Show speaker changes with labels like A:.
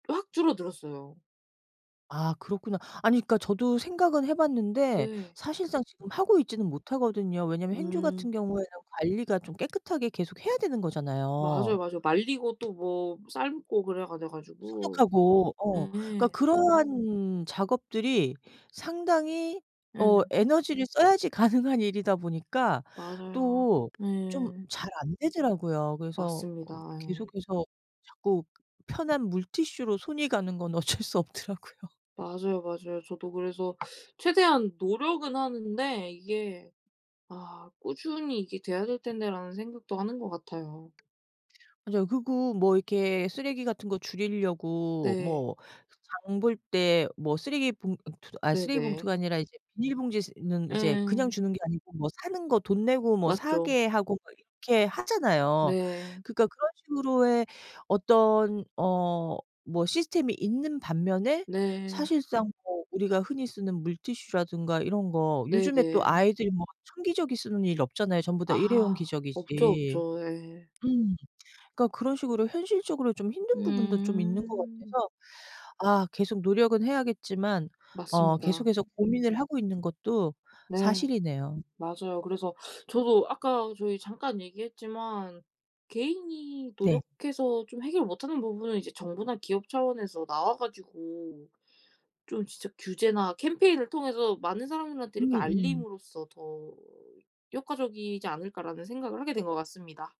A: 확 줄어들었어요.
B: 아 그렇구나. 아니 그러니까 저도 생각은 해 봤는데
A: 네.
B: 사실상 지금 하고 있지는 못하거든요. 왜냐면 행주 같은
A: 음.
B: 경우에는 관리가 좀 깨끗하게 계속 해야 되는
A: 맞아요,
B: 거잖아요.
A: 맞아요. 말리고 또 뭐 삶고 그래야 돼 가지고.
B: 소독하고. 어. 그러니까
A: 네.
B: 그러한 작업들이 상당히 어
A: 예.
B: 에너지를 써야지 가능한 일이다 보니까
A: 맞아요.
B: 또 좀
A: 예.
B: 잘 안 되더라고요. 그래서
A: 맞습니다.
B: 어
A: 예.
B: 계속해서 자꾸 편한 물티슈로 손이 가는 건 어쩔 수 없더라고요.
A: 맞아요, 맞아요. 저도 그래서 최대한 노력은 하는데 이게 '아 꾸준히 이게 돼야 될 텐데.'라는 생각도 하는 것 같아요.
B: 맞아요. 그리고 뭐 이렇게 쓰레기 같은 거 줄이려고
A: 네.
B: 뭐 그 장 볼 때 뭐 쓰레기 봉 어 투 아
A: 네네.
B: 쓰레기봉투가 아니라 이제 비닐봉지 스 는 그냥
A: 예.
B: 주는 게 아니고 뭐 사는 거 돈 내고 뭐
A: 맞죠.
B: 사게 하고 막 이렇게 하잖아요.
A: 네.
B: 그러니까 그런 식으로의 어떤 어 뭐 시스템이 있는 반면에
A: 네.
B: 사실상 뭐 우리가 흔히 쓰는 물티슈라든가 이런 거 요즘에 또
A: 네네.
B: 아이들이 뭐 천기저귀 쓰는 일이 없잖아요. 전부다 일회용
A: 아 없죠,
B: 기저귀지.
A: 없죠. 예.
B: 음. 그러니까 그런 식으로 현실적으로 좀 힘든 부분도 좀 있는 것
A: 음.
B: 같아서 아 계속 노력은 해야겠지만 어
A: 맞습니다.
B: 계속해서 고민을 하고 있는 것도
A: 네.
B: 사실이네요.
A: 맞아요. 그래서 저도 아까 저희 잠깐 얘기했지만 '개인이
B: 네.
A: 노력해서 좀 해결 못 하는 부분은 이제 정부나 기업 차원에서 나와 가지고 좀 진짜 규제나 캠페인을 통해서 많은 사람들한테
B: 음
A: 이렇게
B: 음.
A: 알림으로써 더 효과적이지 않을까.'라는 생각을 하게 된 것 같습니다.